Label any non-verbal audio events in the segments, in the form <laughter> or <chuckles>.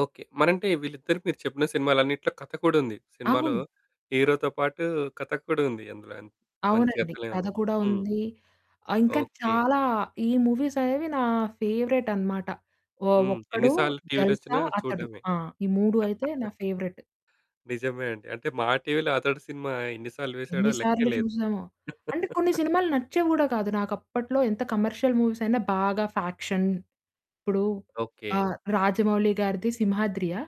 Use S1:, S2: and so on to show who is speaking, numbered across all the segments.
S1: Okay. మరంటే వీళ్ళిద్దరి మీరు చెప్పిన సినిమాలన్నిటిలో కథ కూడా ఉంది. సినిమాలో
S2: అవును.
S1: హీరోతో పాటు కథ కూడా ఉంది అందులో. మంచి
S2: అవునండి.
S1: కథలే
S2: కథ
S1: ఉన్నాయి.
S2: కూడా
S1: హ్మ్.
S2: ఉంది. ఆహ్, ఇంకా
S1: ఓకే.
S2: చాలా ఈ మూవీసనేవి నా ఫేవరేటన్నమాట. ఒ
S1: హ్మ్. ఎన్ని
S2: 'ఒక్కడు',
S1: సార్లు టీవీలో వచ్చినా
S2: 'జల్సా' అతడు
S1: చూడడమే.
S2: ఆ! ఈ 3 అయితే నా
S1: <chuckles>
S2: ఫేవరెట్.
S1: నిజమే అండి. అంటే మా టీవీలో 'అతడు' సినిమా ఎన్ని సార్లు వేసాడో
S2: ఎన్ని
S1: లెక్కే
S2: సార్లు
S1: లేదు.
S2: చూసామో! అంటే కొన్ని
S1: <laughs>
S2: సినిమాలు నచ్చేవి గూడా కాదు. నాకప్పట్లో ఎంత కమర్షియల్ మూవీస్ అయినా బాగా ఫ్యాక్షన్ ఇప్పుడు
S1: ఓకే.
S2: ఆహ్, 'రాజమౌళి' గారిది 'సింహాద్రియా'.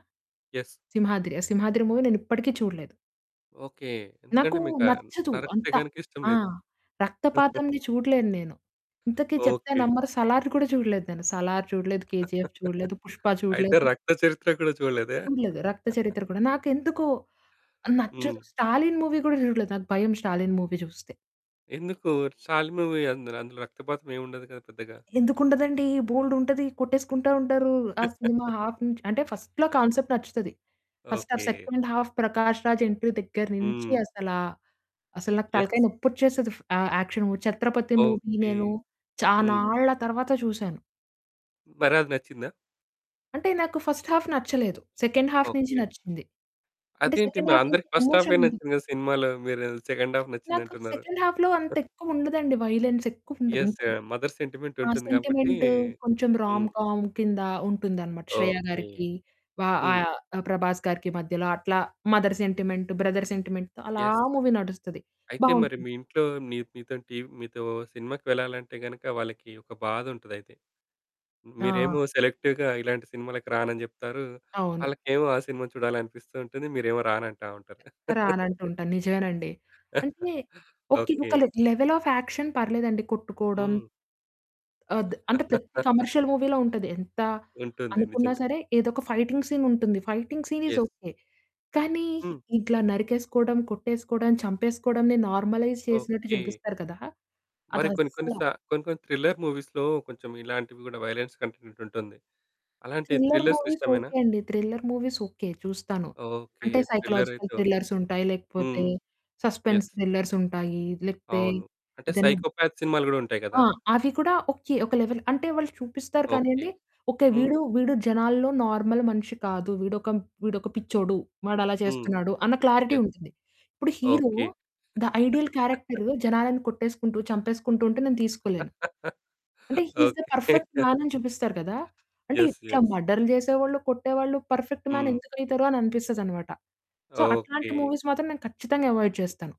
S1: ఎస్.
S2: 'సింహాద్రి'. 'సింహాద్రి' మూవీ నేనిప్పటికి చూడలేదు.
S1: ఓకే.
S2: నాకు
S1: ఎందుకంటే మీకా
S2: నచ్చదు.
S1: నరికితే
S2: అంత
S1: గనక ఇష్టం
S2: ఆ!
S1: లేదు.
S2: రక్తపాతంది
S1: <chuckles>
S2: చూడలేన్నేను. ఇంతకి చెప్తే
S1: ఓకే.
S2: నమ్మరు 'సలార్' కూడా చూడలేదు. నేను 'సలార్' చూడలేదు. 'కేజీఎఫ్' చూడలేదు. 'పుష్ప'
S1: <laughs> అయితే
S2: చూడలేదు.
S1: రక్త చరిత్ర గూడా చూడలేదా?
S2: చూడలేదు. 'రక్త
S1: <laughs>
S2: చరిత్ర' కూడా నాకెందుకో
S1: హ్మ్.
S2: నచ్చదు. 'స్టాలిన్' మూవీ గూడా చూడలేదు. నాకు భయం 'స్టాలిన్' మూవీ జూస్తే.
S1: ఎందుకు? స్టాలిన్ మూవీ అందులో, అందులో రక్తపాతం ఏముండదు గదా! పెద్దగా.
S2: ఎందుకుండదండి? బోలెడుంటది కొట్టేసుకుంటా ఉంటారు. ఆ సినిమా
S1: <laughs>
S2: హాఫ్ నుంచ్ అంటే ఫస్ట్‌లో
S1: ఆహ్.
S2: కాన్సెప్ట్ నచ్చుతది. First half
S1: okay.
S2: Second half 'Prakash Raj' entry దగ్గర నుంచి
S1: హ్మ్.
S2: అసలా అసలు నాకు
S1: ఎస్.
S2: తలకాయ నొప్పిచ్చేస్తది ఫ్ ఆ action movie. 'Chhatrapati' movie
S1: okay.
S2: నేను
S1: హ్మ్.
S2: చానాళ్ళ తరువాత చూసాను.
S1: మరది నచ్చిందా?
S2: అంటే నాకు ఫస్ట్ హాఫ్ నచ్చలేదు. సెకండ్ హాఫ్ నించి
S1: ఓకే.
S2: నచ్చింది. అంటే
S1: అదేంటి?
S2: సెకండ్
S1: మరి
S2: హాఫ్ నుంచి
S1: అందరికి ఫస్ట్ ఆఫే
S2: ఎమోషనుంది.
S1: నచ్చింది గదా! సినిమాలో. మీరు సెకండ్ ఆఫ్
S2: నాకు
S1: నచ్చిందంటున్నారు.
S2: సెకండ్ హాఫ్‌లో అంతెక్కువుండదండి వయలెన్స్ ఎక్కువుండదు.
S1: ఎస్. ఆ
S2: ఉంది.
S1: మదర్ సెంటిమెంట్
S2: ఆ
S1: ఉంటుంది గాబట్టి.
S2: సెంటిమెంట్ కొంచెం రామ్
S1: హ్మ్.
S2: కామ్ కింద ఉంటుందన్నమాట. 'శ్రేయ'
S1: ఓకే.
S2: గారికి వా
S1: హ్మ్.
S2: ఆహ్, ఆ 'ప్రభాస్' గారికి మధ్యలో అట్లా మదర్ సెంటిమెంట్, బ్రదర్ సెంటిమెంట్‌తో అలా
S1: ఎస్.
S2: ఆ మూవీ నడుస్తది
S1: అయితే మరి
S2: బావుంటుంది.
S1: మీ ఇంట్లో నీ మీతోని టీ మీతో సినిమాకు వెళ్ళాలంటే గనుక వాళ్ళకి ఒక బాధుంటదయితే.
S2: ఆ!
S1: మీరేమో సెలెక్టివ్‌గా ఇలాంటి సినిమాలకి రానని జెప్తారు.
S2: అవును.
S1: ఆళ్ళకేమో ఆ సినిమా చూడాలనిపిస్తూ ఉంటుంది. మీరేమో రానంటా ఉంటారు. <laughs>
S2: రానంటుంటాను. నిజమేనండి.
S1: <chuckles>
S2: అంటే ఓకే.
S1: ఓకే.
S2: ఒక లెవెల్ ఆఫ్ యాక్షన్ పర్లేదండి కొట్టుకోవడం.
S1: హ్మ్.
S2: ఆద్ అంటే ప్రతి
S1: <laughs>
S2: కమర్షియల్ మూవీలో ఉంటది. ఎంత
S1: ఉంటుంది.
S2: అనుకున్నా
S1: నిజమే.
S2: సరే ఏదో ఒక ఫైటింగ్ సీన్ ఉంటుంది. Fighting scene is
S1: yes.
S2: Okay. కానీ
S1: హ్మ్.
S2: ఇట్లా నరికేసుకోవడం, కొట్టేసుకోవడం, చంపేసుకోవడంని నార్మలైజ్ చేసినట్టు
S1: ఓకే.
S2: జూపిస్తారు కదా!
S1: మరి కొన్ని కొన్ని
S2: అదస్సల
S1: సా కొన్ని కొన్ని థ్రిల్లర్ మూవీస్‌లో కొంచెం ఇలాంటివి గూడా వయొలెన్స్ కంటెంట్ ఉంటుంది. అలాంటి
S2: థ్రిల్లర్
S1: థ్రిల్లర్స్
S2: మూవీస్
S1: ఇష్టమేనా?
S2: ఓకే. అండి. Thriller movies okay. చూస్తాను.
S1: ఓకే.
S2: అంటే
S1: థ్రిల్లర్
S2: సైకలాజికల్
S1: అయితే ఓకే.
S2: థ్రిల్లర్సుంటాయి. లేకపోతే
S1: హ్మ్.
S2: Suspense
S1: yes.
S2: థ్రిల్లర్సుంటాయి. లేకపోతే
S1: అవును. అంటే
S2: ఏదైనా
S1: సైకోపాత్ సినిమాలు గూడా ఉంటాయి
S2: ఆ!
S1: గదా!
S2: అవి గూడా ఓకే. ఒక లెవెల్ అంటే వాళ్ళు చూపిస్తారు
S1: ఓకే.
S2: కానీయండి ఓకే.
S1: హ్మ్.
S2: వీడు, వీడు జనాల్లో నార్మల్ మనిషి కాదు వీడొక, వీడొక పిచ్చోడు. వాడలా
S1: హ్మ్.
S2: చేస్తున్నాడు. అన్న క్లారిటీ
S1: యె
S2: ఉంటుంది. ఇప్పుడు hero
S1: okay.
S2: The ideal
S1: <laughs>
S2: character జనాలను కొట్టేసుకుంటూ, చంపేసుకుంటూ ఉంటే నేను తీసుకోలేను. అంటే he is the
S1: okay.
S2: Perfect man అని చూపిస్తారు గదా! అంటే
S1: ఎస్.
S2: ఇట్లా
S1: ఎస్.
S2: మర్డర్లు చేసేవాళ్ళు, కొట్టేవాళ్ళు పర్ఫెక్ట్ మ్యాన్
S1: హ్మ్.
S2: ఎందుకైతరు? అననిపిస్తదన్నమాట. సో అట్లాంటి
S1: ఓకే.
S2: మూవీస్ మాత్రం నేను ఖచ్చితంగా అవాయిడ్ చేస్తాను.